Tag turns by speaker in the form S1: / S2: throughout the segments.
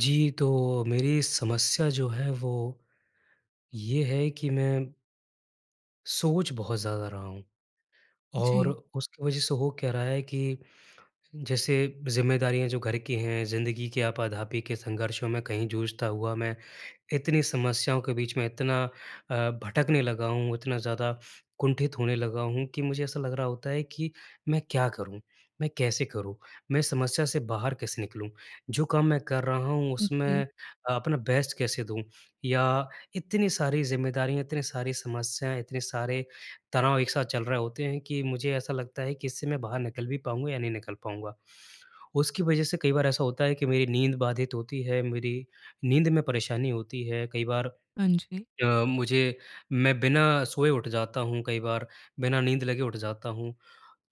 S1: जी, तो मेरी समस्या जो है वो ये है कि मैं सोच बहुत ज़्यादा रहा हूँ। और
S2: जी।
S1: उसकी वजह से हो क्या रहा है कि जैसे ज़िम्मेदारियाँ जो घर की हैं, ज़िंदगी की आपा-धापी के संघर्षों में कहीं जूझता हुआ मैं, इतनी समस्याओं के बीच में इतना अ, भटकने लगा हूँ, इतना ज़्यादा कुंठित होने लगा हूँ कि मुझे ऐसा लग रहा होता है कि मैं क्या करूँ, मैं कैसे करूँ, मैं समस्या से बाहर कैसे निकलूँ, जो काम मैं कर रहा हूँ,
S2: अ,
S1: उसमें
S2: जी।
S1: अ, अपना बेस्ट कैसे दूँ या इतनी सारी ज़िम्मेदारियाँ, इतने सारी समस्याएँ, इतने सारे तनाव एक साथ चल रहे होते हैं कि मुझे ऐसा लगता है कि इससे मैं बाहर निकल भी पाऊँगा या नहीं निकल पाऊँगा। उसकी वजह से कई बार ऐसा होता है कि मेरी नींद बाधित होती है, मेरी नींद में परेशानी होती है, कई बार
S2: हाँ जी।
S1: अ, मुझे मैं बिना सोए उठ जाता हूँ कई बार, बिना नींद लगे उठ जाता हूँ।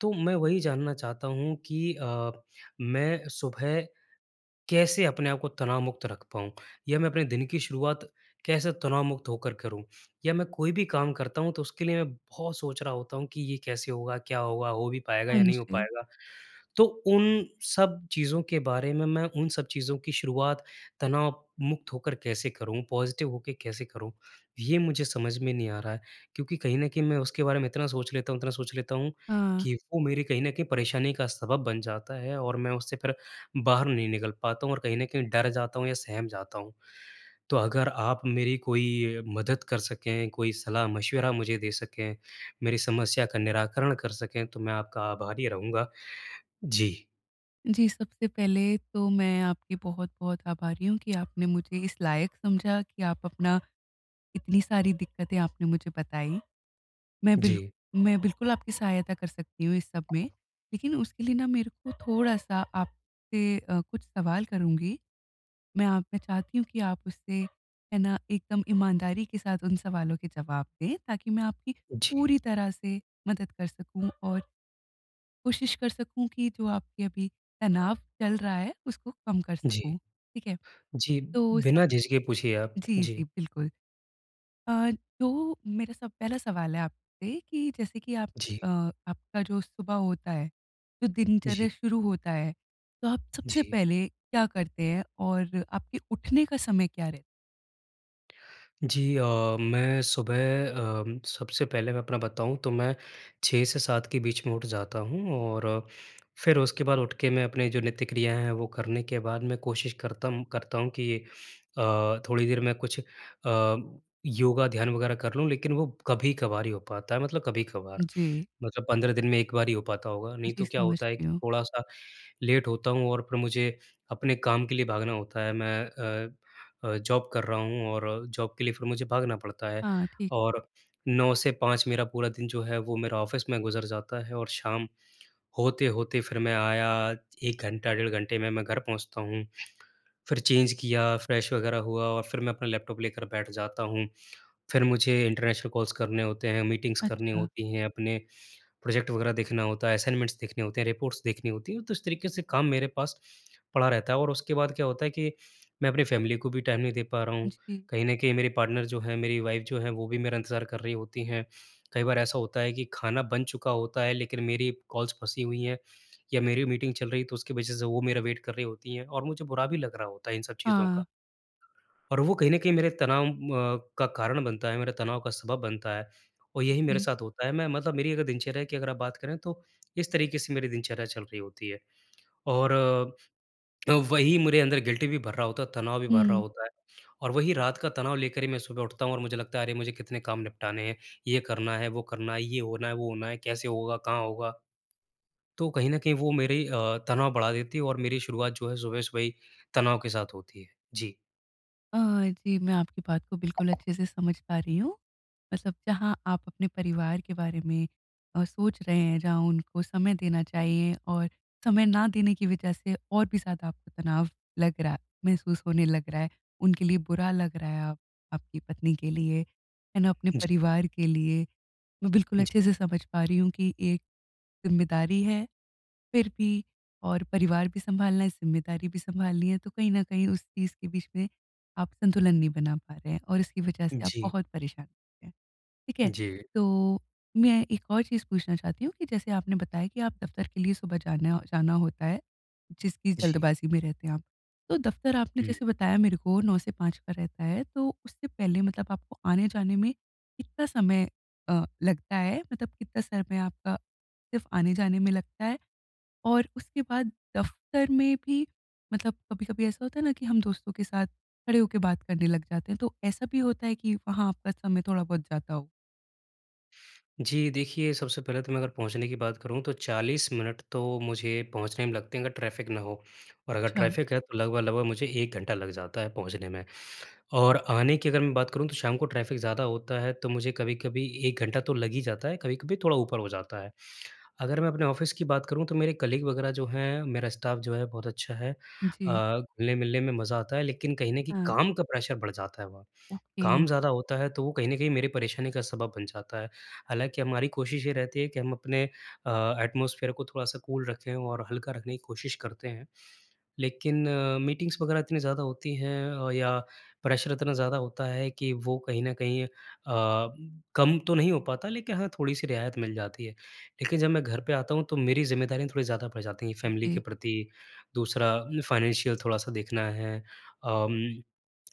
S1: तो मैं वही जानना चाहता हूँ कि अ, मैं सुबह कैसे अपने आप को तनावमुक्त रख पाऊँ, या मैं अपने दिन की शुरुआत कैसे तनावमुक्त होकर करूँ, या मैं कोई भी काम करता हूँ, तो उसके लिए मैं बहुत सोच रहा होता हूँ कि ये कैसे होगा, क्या होगा, हो भी पाएगा
S2: हाँ
S1: या नहीं हो
S2: जी।
S1: पाएगा। तो उन सब चीज़ों के बारे में मैं उन सब चीज़ों की शुरुआत तनावमुक्त होकर कैसे करूँ, पॉज़िटिव होके कैसे करूँ, ये मुझे समझ में नहीं आ रहा है। क्योंकि कहीं न कहीं मैं उसके बारे में इतना सोच लेता हूँ, इतना सोच लेता हूँ
S2: हाँ।
S1: कि वो मेरे कहीं न कहीं परेशानी का सबब बन जाता है और मैं उससे फिर बाहर नहीं निकल पाता हूँ, और कहीं न कहीं डर जाता हूँ या सहम जाता हूँ। तो अगर आप मेरी कोई मदद कर सकें, कोई सलाह-मशवरा मुझे दे सकें, मेरी समस्या का निराकरण कर सकें, तो मैं आपका आभारी रहूँगा। जी।
S2: जी, सबसे पहले तो मैं आपकी बहुत-बहुत आभारी हूँ कि आपने मुझे इस लायक समझा कि आप अपना इतनी सारी दिक्कतें आपने मुझे बताई। मैं बिल्क
S1: जी।
S2: मैं बिल्कुल आपकी सहायता कर सकती हूँ इस सब में। लेकिन उसके लिए ना मेरे को थोड़ा-सा आप से अ, कुछ सवाल करूँगी, मैं आपसे चाहती हूँ कि आप उससे है ना, एकदम ईमानदारी के साथ उन सवालों के जवाब दें, ताकि मैं आपकी
S1: जी।
S2: पूरी तरह से मदद कर सकूँ और कोशिश कर सकूँ कि जो आपके अभी तनाव चल रहा है, उसको कम कर
S1: जी।
S2: सकूँ, ठीक है?
S1: जी,
S2: तो सब
S1: बिना झिझके पूछिए आप।
S2: जी,
S1: जी।
S2: जी बिल्कुल। अ, जो मेरा सब पहला सवाल है आपसे कि जैसे कि आप
S1: जी।
S2: अ, आपका जो सुबह होता है, जो दिनचर्या
S1: जी।
S2: शुरू होता है, तो आप सबसे
S1: जी।
S2: पहले क्या करते हैं? और आपके उठने का समय क्या रह
S1: जी अ, मैं सुबह अ, सबसे पहले मैं अपना बताऊँ तो मैं 6 से 7 के बीच में उठ जाता हूँ और फिर उसके बाद उठ के मैं अपने जो नित्य क्रिया हैं वो करने के बाद मैं कोशिश करतम करता हूँ कि अ, थोड़ी देर मैं कुछ अ, योगा ध्यान वगैरह कर लूँ, लेकिन वो कभी-कभार ही हो पाता है, मतलब कभी-कभार।
S2: जी।
S1: मतलब 15 दिन में एक बार ही हो पाता होगा। नहीं
S2: जी
S1: तो क्या होता है
S2: समझती
S1: कि
S2: हूँ।
S1: थोड़ा-सा लेट होता हूँ और फिर मुझे अपने काम के लिए भागना होता है, मैं अ अ, जॉब कर रहा हूँ और जॉब के लिए फिर मुझे भागना पड़ता है
S2: हाँ, ठीक
S1: और 9 से 5 मेरा पूरा दिन जो है वो मेरा ऑफ़िस में गुज़र जाता है और शाम होते-होते फिर मैं आया एक घंटा डेढ़ घंटे में मैं घर पहुँचता हूँ। फिर चेंज किया, फ़्रेश वग़ैरह हुआ और फिर मैं अपना लैपटॉप लेकर बैठ जाता हूँ। फिर मुझे इंटरनेशनल कॉल्स करने होते हैं, मीटिंग्स करनी
S2: अच्छा।
S1: होती हैं, अपने प्रोजेक्ट वग़ैरह देखना होता है, असाइनमेंट्स देखने होते हैं, रिपोर्ट्स देखनी होती हैं। तो उस तरीके से काम मेरे पास पड़ा रहता है और उसके बाद क्या होता है कि मैं अपने फ़ैमिली को भी टाइम नहीं दे पा रहा हूँ।
S2: जी।
S1: कहीं न कहीं मेरे पार्टनर जो हैं, मेरी वाइफ़ जो हैं वो भी मेरा इंतज़ार कर रही होती हैं। कई बार ऐसा होता है कि खाना बन चुका होता है लेकिन मेरी कॉल्स फँसी हुई हैं या मेरी मीटिंग चल रही है, तो उसके वज़ह से वो मेरा वेट कर रही होती हैं और मुझे बुरा भी लग रहा होता है इन सब चीज़ों का।
S2: हाँ।
S1: और वो कहीं न कहीं मेरे तनाव अ, का कारण बनता है, मेरे तनाव का सबब बनता है। और यही मेरे
S2: हुँ।
S1: साथ होता है मैं मतलब मेरी अगर दिनचर्या कि अगर आप बात करें तो इस तरीके से मेरी दिनचर्या चल रही होती है। और अ, वही मेरे अंदर गिल्टी भी भर रहा होता है, तनाव भी भर रहा
S2: हुँ।
S1: होता है। और वही रात का तनाव लेकर ही मैं सुबह उठता हूँ और मुझे लगता है अरे! मुझे कितने काम निपटाने हैं, ये करना है, वो करना है, ये होना है, वो होना है, कैसे होगा, कहाँ होगा? तो कहीं न कहीं वो मेरी अ, तनाव बढ़ा देती है और मेरी शुरुआत जो है सुबह-सुबह ही तनाव के साथ होती है। जी।
S2: अ, जी मैं आपकी बात को बिल्कुल अच्छे से समझ पा रही हूँ। मतलब जहाँ आप अपने परिवार के बारे में अ, सोच रहे हैं जहाँ उनको समय देना चाहिए और समय न देने की वजह से और भी ज़्यादा आपको तनाव लग रहा है महसूस होने लग रहा है उनके लिए बुरा लग रहा है आप आपकी पत्नी के लिए है ना? अपने
S1: जी।
S2: परिवार के लिए। मैं बिल्कुल अच्छे से
S1: जी।
S2: समझ पा रही हूँ कि एक ज़िम्मेदारी है फिर भी और परिवार भी सँभालना है, ज़िम्मेदारी भी सँभालनी है, तो कहीं न कहीं उस चीज़ के बीच में आप संतुलन नहीं बना पा रहे हैं और इसकी वजह से आप
S1: जी।
S2: बहुत परेशान हैं, ठीक है?
S1: जी।
S2: तो मैं एक और चीज़ पूछना चाहती हूँ कि जैसे आपने बताया कि आप दफ़्तर सुबह जाना अ, जाना होता है, जिसकी
S1: जी।
S2: जल्दबाज़ी में रहते हैं आप। तो दफ़्तर आपने
S1: हुँ।
S2: जैसे बताया मेरे को 9 से 5 का रहता है तो उससे पहले मतलब आपको आने-जाने में कितना समय अ, लगता है मतलब कितना समय आपका सिर्फ़ आने-जाने में लगता है? और उसके बाद दफ़्तर में भी मतलब कभी-कभी ऐसा होता है ना कि हम दोस्तों के साथ खड़े होके बात करने लग जाते हैं, तो ऐसा भी होता है कि वहाँ आपका समय थोड़ा बहुत जाता हो?
S1: जी देखिए सबसे पहले तो मैं अगर पहुँचने की बात करूँ तो 40 मिनट तो मुझे पहुँचने में लगते हैं अगर ट्रैफ़िक न हो और अगर
S2: छा
S1: ट्रैफ़िक है तो लगभग-लगभग मुझे घंटा लग जाता है पहुँचने में। और आने की अगर मैं बात करूँ तो शाम को ट्रैफ़िक ज़्यादा होता है तो मुझे कभी-कभी 1 घंटा तो लग ही जाता है कभी-कभी थोड़ा ऊपर हो जाता है। अगर मैं अपने ऑफिस की बात करूँ तो मेरे कलीग वगैरह जो हैं मेरा स्टाफ जो है बहुत अच्छा है
S2: जी।
S1: अ, घुलने-मिलने में मज़ा आता है लेकिन कहीं न कहीं
S2: हाँ।
S1: काम का प्रेशर बढ़ जाता है वहाँ।
S2: ओके।
S1: काम ज़्यादा होता है तो वो कहीं न कहीं मेरे परेशानी का सबब बन जाता है, हालाँकि हमारी कोशिश ये रहती है कि हम अपने अ, एटमॉस्फ़ेर को थोड़ा सा कूल रखें और हल्का रखने की कोशिश करते हैं। लेकिन अ, मीटिंग्स वग़ैरह इतनी ज़्यादा होती हैं अ, या प्रेसर इतना ज़्यादा होता है कि वो कहीं न कहीं अ, कम तो नहीं हो पाता लेकिन हाँ, थोड़ी-सी रियायत मिल जाती है। लेकिन जब मैं घर पे आता हूँ तो मेरी ज़िम्मेदारी थोड़ी ज़्यादा बढ़ जाती है फ़ैमिली के
S2: जी।
S1: प्रति दूसरा अ, फ़ाइनेंशियल थोड़ा-सा देखना है। अम,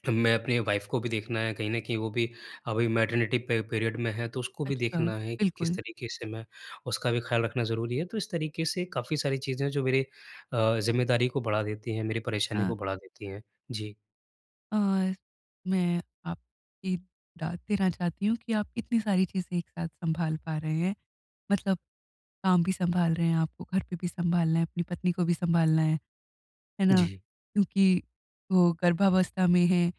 S1: मैं अपनी वाइफ़ को भी देखना है कहीं न कहीं वो भी अभी मैटरनिटी पे पीरियड में है तो उसको भी
S2: अच्छा,
S1: देखना है किस
S2: बिल्कुल।
S1: तरीके से मैं उसका भी ख़्याल रखना ज़रूरी है। तो इस तरीके से काफ़ी सारी चीज़ें जो मेरे अ, ज़िम्मेदारी को बढ़ा देती हैं, मेरी परेशानी को
S2: हाँ।
S1: बढ़ा देती हैं। जी।
S2: और मैं आपकी दाद देना चाहती हूँ कि आप इतनी सारी चीज़ें एक साथ सँभाल पा रहे हैं, मतलब काम भी सँभाल रहे हैं, आपको घर पे भी सँभालना है, अपनी पत्नी को भी सँभालना है, है ना,
S1: जी।
S2: क्योंकि वो गर्भावस्था में हैं।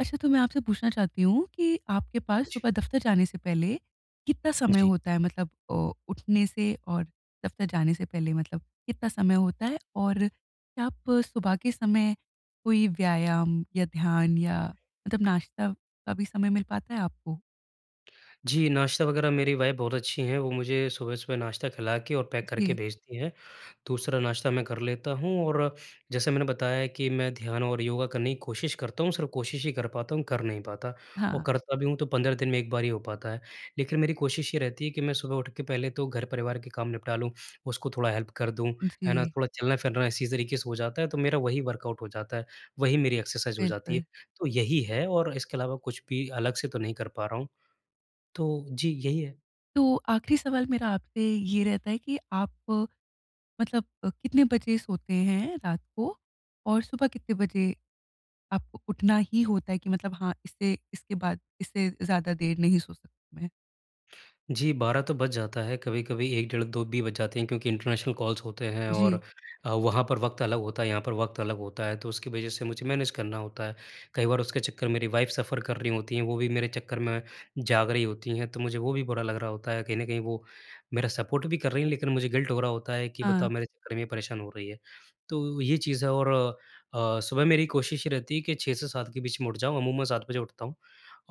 S2: अच्छा, तो मैं आपसे पूछना चाहती हूँ कि आपके पास
S1: जी।
S2: सुबह दफ़्तर जाने से पहले कितना समय
S1: जी।
S2: होता है मतलब अ, उठने से और दफ़्तर जाने से पहले मतलब कितना समय होता है? और क्या आप सुबह के समय कोई व्यायाम या ध्यान या मतलब नाश्ता, कभी समय मिल पाता है आपको?
S1: जी, नाश्ता वगैरह मेरी वाइफ़ बहुत अच्छी हैं, वो मुझे सुबह-सुबह नाश्ता खिला के और पैक करके
S2: जी।
S1: भेजती हैं। दूसरा, नाश्ता मैं कर लेता हूँ और जैसा मैंने बताया कि मैं ध्यान और योगा करने की कोशिश करता हूँ, सिर्फ़ कोशिश ही कर पाता हूँ, कर नहीं पाता, और
S2: हाँ।
S1: करता भी हूँ तो 15 दिन में 1 बार ही हो पाता है। लेकिन मेरी कोशिश ये रहती है कि मैं सुबह उठ के पहले तो घर-परिवार के काम निपटा लूँ, उसको थोड़ा हेल्प कर दूँ, है ना?
S2: जी।
S1: थोड़ा चलना-फिरना इसी तरीके से हो जाता है, तो मेरा वही वर्कआउट हो जाता है, वही मेरी एक्सरसाइज़ हो जाती है।
S2: बिल्कुल।
S1: तो यही है, और इसके अलावा कुछ भी अलग से तो नहीं कर पा रहा हूँ। तो जी, यही है।
S2: तो आखिरी सवाल मेरा आपसे ये रहता है कि आप मतलब अ, कितने बजे सोते हैं रात को, और सुबह कितने बजे आपको उठना ही होता है कि मतलब हाँ, इससे इसके बाद इससे ज़्यादा देर नहीं सो सक मैं?
S1: जी, 12 तो बज जाता है, कभी-कभी 1, डेढ़, 2 भी बज जाते हैं क्योंकि इंटरनेशनल कॉल्स होते हैं और
S2: जी।
S1: अ, वहाँ पर वक़्त अलग होता है, यहाँ पर वक़्त अलग होता है, तो उसकी वज़ह से मुझे मैनेज करना होता है। कई बार उसके चक्कर मेरी वाइफ़ सफ़र कर रही होती हैं, वो भी मेरे चक्कर में जाग रहीं होती हैं, तो मुझे वो भी बुरा लग रहा होता है। कहीं न कहीं वो मेरा सपोर्ट भी कर रही हैं, लेकिन मुझे गिल्ट हो रहा होता है कि बताओ,
S2: हाँ।
S1: मेरे चक्कर में ये परेशान हो रही है। तो ये चीज़ है और अ, सुबह मेरी कोशिश ये रहती है कि 6 के 7 बीच में उठ जाऊँ, अमूमन 7 बजे उठता हूँ।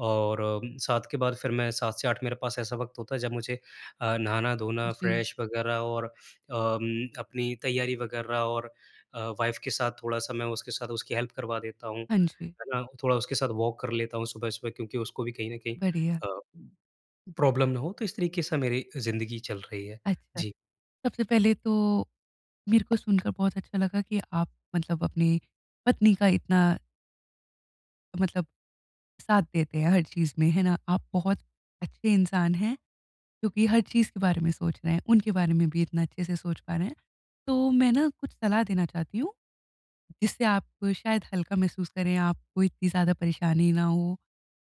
S1: और अम, 7 के बाद फिर मैं 7 से 8 मेरे पास ऐसा वक़्त होता है जब मुझे अ, नहाना-धोना
S2: जी।
S1: फ्रेश वग़ैरह और अम, अपनी तैयारी वग़ैरह और अ, वाइफ़ के साथ थोड़ा-सा मैं उसके साथ उसकी हेल्प करवा देता हूँ,
S2: हाँ जी।
S1: है ना। थोड़ा उसके साथ वॉक कर लेता हूँ सुबह-सुबह क्योंकि उसको भी कहीं न कहीं
S2: बढ़िया।
S1: अ, प्रॉब्लम ना हो तो इस तरीके से मेरी अ, ज़िंदगी चल रही है।
S2: अच्छा,
S1: जी।
S2: सबसे पहले तो मेरे को सुनकर बहुत अच्छा लगा कि आप मतलब अपनी पत्नी का इतना मतलब साथ देते हैं हर चीज़ में, है ना। आप बहुत अच्छे इंसान हैं क्योंकि हर चीज़ के बारे में सोच रहे हैं, उनके बारे में भी इतना अच्छे से सोच पा रहे हैं। तो मैं ना कुछ सलाह देना चाहती हूँ, जिससे आप शायद हल्का महसूस करें, आपको इतनी ज़्यादा परेशानी ना हो।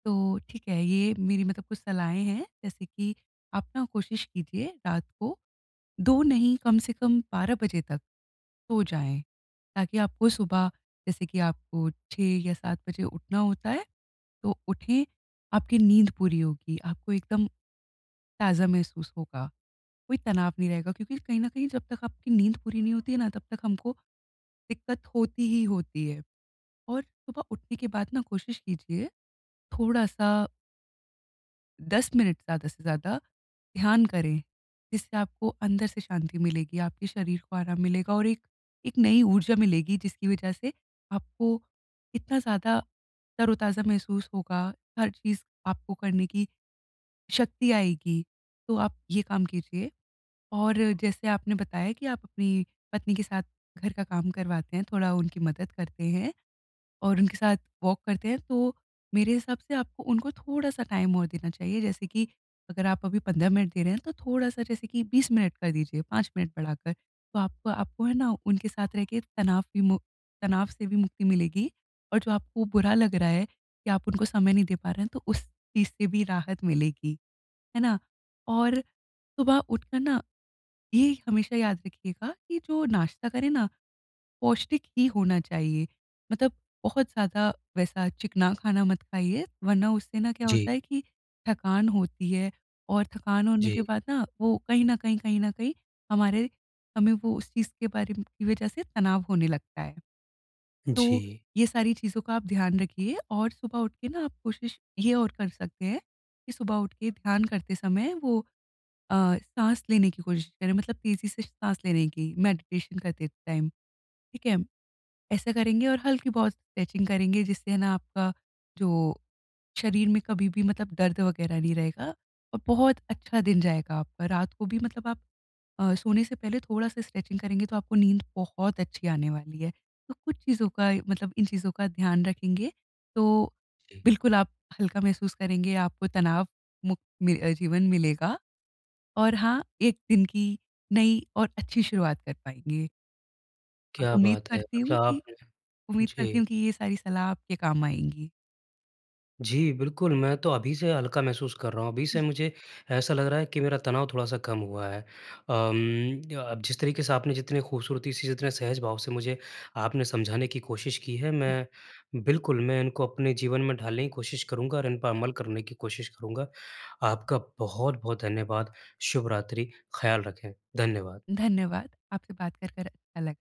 S2: तो ठीक है, ये मेरी मतलब कुछ सलाहें हैं, जैसे कि आप ना कोशिश कीजिए रात को 2 नहीं कम से कम 12 बजे तक सो जाएँ ताकि आपको सुबह, जैसे कि आपको 6 या 7 बजे उठना होता है, तो उठें। आपकी नींद पूरी होगी, आपको एकदम ताज़ा महसूस होगा, कोई तनाव नहीं रहेगा क्योंकि कहीं न कहीं जब तक आपकी नींद पूरी नहीं होती है ना, तब तक हमको दिक़्क़त होती ही होती है। और सुबह उठने के बाद ना कोशिश कीजिए, थोड़ा-सा 10 मिनट ज़्यादा से ज़्यादा ध्यान करें, जिससे आपको अंदर से शांति मिलेगी, आपके शरीर को आराम मिलेगा और एक, एक नई ऊर्जा मिलेगी, जिसकी वजह से आपको इतना ज़्यादा तरोताज़ा महसूस होगा, हर चीज़ आपको करने की शक्ति आएगी, तो आप ये काम कीजिए। और जैसे आपने बताया कि आप अपनी पत्नी के साथ घर का काम करवाते हैं, थोड़ा उनकी मदद करते हैं और उनके साथ वॉक करते हैं, तो मेरे हिसाब से आपको उनको थोड़ा-सा टाइम और देना चाहिए। जैसे कि अगर आप अभी 15 मिनट दे रहे हैं, तो थोड़ा-सा जैसे कि 20 मिनट कर दीजिए, 5 मिनट बढ़ाकर। तो आपको आपको है ना, उनके साथ रह के तनाव भी मु तनाव से भी मुक्ति मिलेगी, और जो आपको बुरा लग रहा है कि आप उनको समय नहीं दे पा रहे हैं, तो उस चीज़ से भी राहत मिलेगी, है ना। और सुबह उठ कर ना, ये हमेशा याद रखिएगा कि जो नाश्ता करें ना, पौष्टिक ही होना चाहिए। मतलब बहुत ज़्यादा वैसा चिकना खाना मत खाइए, वरना उससे ना क्या होता
S1: जी।
S2: है कि थकान होती है, और थकान होने के
S1: जी।
S2: बाद ना वो कहीं न कहीं, कहीं न कहीं हमारे हमें वो उस चीज़ के बारे म की इस वज़ह से तनाव होने लगता है, तो
S1: जी।
S2: ये सारी चीज़ों का आप ध्यान रखिए। और सुबह उठ के ना, आप कोशिश ये और कर सकते हैं कि सुबह उठ के ध्यान करते समय वो अ, साँस लेने की कोशिश करें, मतलब तेज़ी से साँस लेने की, मेडिटेशन करते टाइम, ठीक है। ऐसा करेंगे, और हल्की-बहुत स्ट्रेचिंग करेंगे, जिससे है ना आपका जो शरीर में कभी भी मतलब दर्द वगैरह नहीं रहेगा और बहुत अच्छा दिन जाएगा आपका। रात को भी मतलब आप अ, सोने से पहले थोड़ा-सा स्ट्रेचिंग करेंगे, तो आपको नींद बहुत अच्छी आने वाली है। तो कुछ चीज़ों का मतलब इन चीज़ों का ध्यान रखेंगे, तो
S1: जी।
S2: बिल्कुल आप हल्का महसूस करेंगे, आपको तनाव मुक्त मी अ, जीवन मिलेगा, और हाँ, एक दिन की नई और अच्छी शुरुआत कर पाएँगे। और
S1: क्या
S2: उम्मीद
S1: बात है!
S2: करती हूँ
S1: मतलब
S2: कि,
S1: आप
S2: उम्मीद करती
S1: जी।
S2: हूँ कि ये सारी सलाह आपके काम आएँगी।
S1: जी, बिल्कुल, मैं तो अभी से हल्का महसूस कर रहा हूँ। अभी से
S2: हुँ।
S1: मुझे ऐसा लग रहा है कि मेरा तनाव थोड़ा-सा कम हुआ है। अम, अ अ, जिस तरीके से आपने जितनी खूबसूरती से, जितने सहज भाव से मुझे आपने समझाने की कोशिश की है, मैं बिल्कुल, मैं इनको अपने जीवन में ढालने की कोशिश करूँगा और इन पर अमल करने की कोशिश करूँगा। आपका बहुत-बहुत धन्यवाद, शुभ रात्रि, ख़्याल रखें। धन्यवाद।
S2: धन्यवाद। आपसे बात कर, कर अलग